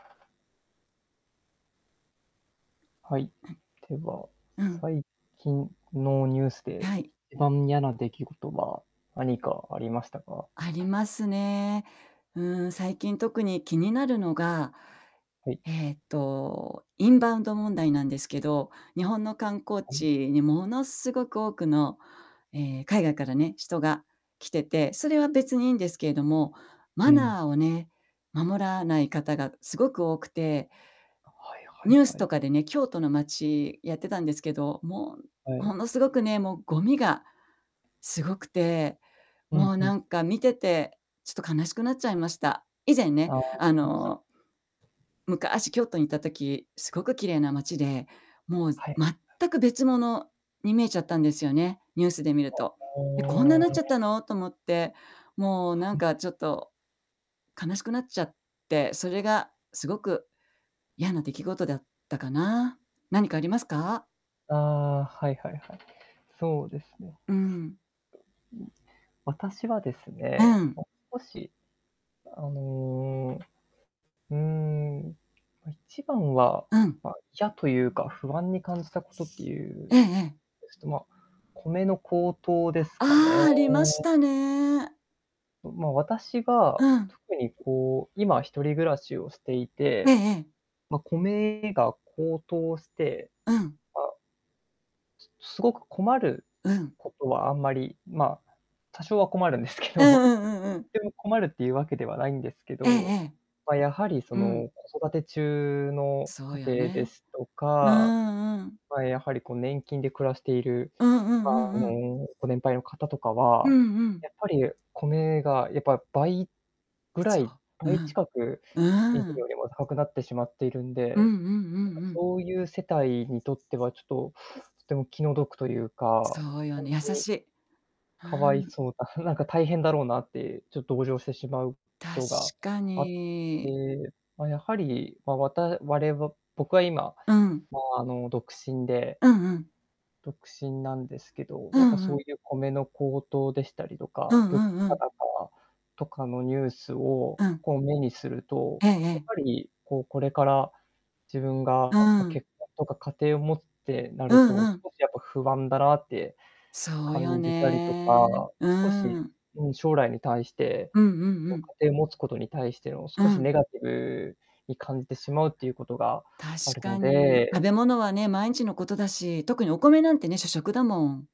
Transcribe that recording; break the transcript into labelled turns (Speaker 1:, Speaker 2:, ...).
Speaker 1: はい。では、
Speaker 2: うん。
Speaker 1: 最近のニュースで
Speaker 2: はい。
Speaker 1: 一番嫌な出来事は何かありましたか？
Speaker 2: ありますね。うん、最近特に気になるのが、
Speaker 1: はい。
Speaker 2: えっと、インバウンド問題なんですけど、日本の観光
Speaker 1: はい。
Speaker 2: 地にものすごく多くの、え、海外からね人が来てて、それは別にいいんですけれども、
Speaker 1: う
Speaker 2: マ
Speaker 1: ん。
Speaker 2: ナーをね守らない方がすごく多くて
Speaker 1: はいは
Speaker 2: ニュ
Speaker 1: い
Speaker 2: ース
Speaker 1: は
Speaker 2: と
Speaker 1: い。
Speaker 2: かでね、京都の街やってたんですけど、も
Speaker 1: は
Speaker 2: ん
Speaker 1: い。
Speaker 2: ものすごくね、もうゴミがすごくて、
Speaker 1: う
Speaker 2: も
Speaker 1: ん
Speaker 2: う
Speaker 1: う
Speaker 2: な
Speaker 1: ん。
Speaker 2: んか見ててちょっと悲しくなっちゃいました。以前ね、
Speaker 1: ああ、あ
Speaker 2: あ
Speaker 1: [unintelligible]
Speaker 2: の昔京都にいた時、すごく綺麗な街で、もうす
Speaker 1: はい。
Speaker 2: 全く別物に見えちゃったんですよね、ニュースで見る
Speaker 1: は、
Speaker 2: と。「え、こんなん
Speaker 1: は
Speaker 2: なっちゃっ
Speaker 1: あ。
Speaker 2: たの」と思って、もう
Speaker 1: は
Speaker 2: なん
Speaker 1: い。
Speaker 2: かちょっと悲しくなっちゃって、それがすごく嫌な出来事だったかな。何かありますか？
Speaker 1: あ、はいはいはい。そうですね。
Speaker 2: うん。
Speaker 1: ん。私はです
Speaker 2: う
Speaker 1: ね、
Speaker 2: ん。
Speaker 1: も少し、あの、うん、ま、一番は、
Speaker 2: うん。
Speaker 1: ま、嫌というか不安に感じたことってい
Speaker 2: え
Speaker 1: う
Speaker 2: えええ。
Speaker 1: ですと、ま、米の高騰です
Speaker 2: あ
Speaker 1: かね。
Speaker 2: ああ、ありましたね。
Speaker 1: んま、私が
Speaker 2: うん。
Speaker 1: 特にこう、今一人暮らしをしてい
Speaker 2: ええ
Speaker 1: て、
Speaker 2: ええ。
Speaker 1: ま、米が高騰して、
Speaker 2: うん。
Speaker 1: あ、すすごく困る
Speaker 2: うん。
Speaker 1: ことはあんまり、ま、多少は困るんですけ
Speaker 2: うん
Speaker 1: ど、
Speaker 2: うんうんうん。
Speaker 1: ても困るっていうわけではないんですけ
Speaker 2: ええ
Speaker 1: ど、
Speaker 2: ええ。
Speaker 1: ま、やはりそ
Speaker 2: うん。
Speaker 1: の、子育て中の
Speaker 2: そう
Speaker 1: 家
Speaker 2: よ
Speaker 1: 庭で
Speaker 2: ね。
Speaker 1: すと
Speaker 2: う
Speaker 1: か、
Speaker 2: んうん。
Speaker 1: ま、やはりこう、年金で暮らしている、
Speaker 2: うんう
Speaker 1: ま、
Speaker 2: んう
Speaker 1: あ
Speaker 2: んうん。
Speaker 1: の、ご年配の方とか
Speaker 2: う
Speaker 1: は、
Speaker 2: んうん。
Speaker 1: やっぱり米がやっぱ倍ぐら
Speaker 2: そ
Speaker 1: い
Speaker 2: う、う
Speaker 1: 倍
Speaker 2: ん。
Speaker 1: 近く以前
Speaker 2: うん。
Speaker 1: よりも高くなってしまっているん
Speaker 2: うんう
Speaker 1: で、
Speaker 2: んう
Speaker 1: なんか、
Speaker 2: んうん。
Speaker 1: そういう世帯にとってはちょっととても気の毒というか、
Speaker 2: そうよ
Speaker 1: ほん
Speaker 2: ね、優
Speaker 1: とに
Speaker 2: しい。う
Speaker 1: かわい
Speaker 2: ん。
Speaker 1: そうだあ、なんか大変だろうなってちょ同情してしまうこ
Speaker 2: 確
Speaker 1: とが
Speaker 2: か
Speaker 1: あっ
Speaker 2: に。
Speaker 1: て、ま、やはり、ま、わたわれは僕は今、
Speaker 2: うん。
Speaker 1: ま、あの、独身で
Speaker 2: うんうん。
Speaker 1: 独身なんですけど、
Speaker 2: う
Speaker 1: やっぱ
Speaker 2: んう
Speaker 1: そう
Speaker 2: ん。
Speaker 1: いう米の高騰でしたりと
Speaker 2: う
Speaker 1: か、
Speaker 2: んう
Speaker 1: 物
Speaker 2: んう
Speaker 1: 価
Speaker 2: ん。
Speaker 1: 高とかのニュースを
Speaker 2: うん。
Speaker 1: こう、目にすると、
Speaker 2: ええ
Speaker 1: やっ
Speaker 2: ええ。
Speaker 1: ぱりこう、これから自分
Speaker 2: う
Speaker 1: が、ま、
Speaker 2: ん。
Speaker 1: 結婚とか家庭を持つってな
Speaker 2: う
Speaker 1: ると
Speaker 2: んうん。
Speaker 1: 少しやっぱ不安だなって
Speaker 2: そうよ
Speaker 1: 感じたりと
Speaker 2: ね。
Speaker 1: か、少
Speaker 2: う
Speaker 1: し、
Speaker 2: ん。
Speaker 1: うん、将来に対して、
Speaker 2: うんうんう
Speaker 1: こう、
Speaker 2: ん。
Speaker 1: 家庭を持つことに対しての
Speaker 2: う
Speaker 1: 少し
Speaker 2: ん。
Speaker 1: ネガティブに感じてしまうっていうことが
Speaker 2: 確
Speaker 1: ある
Speaker 2: か
Speaker 1: の
Speaker 2: に。食
Speaker 1: で
Speaker 2: べ物はね、毎日のことだし。特にお米なんてね、主食だもん。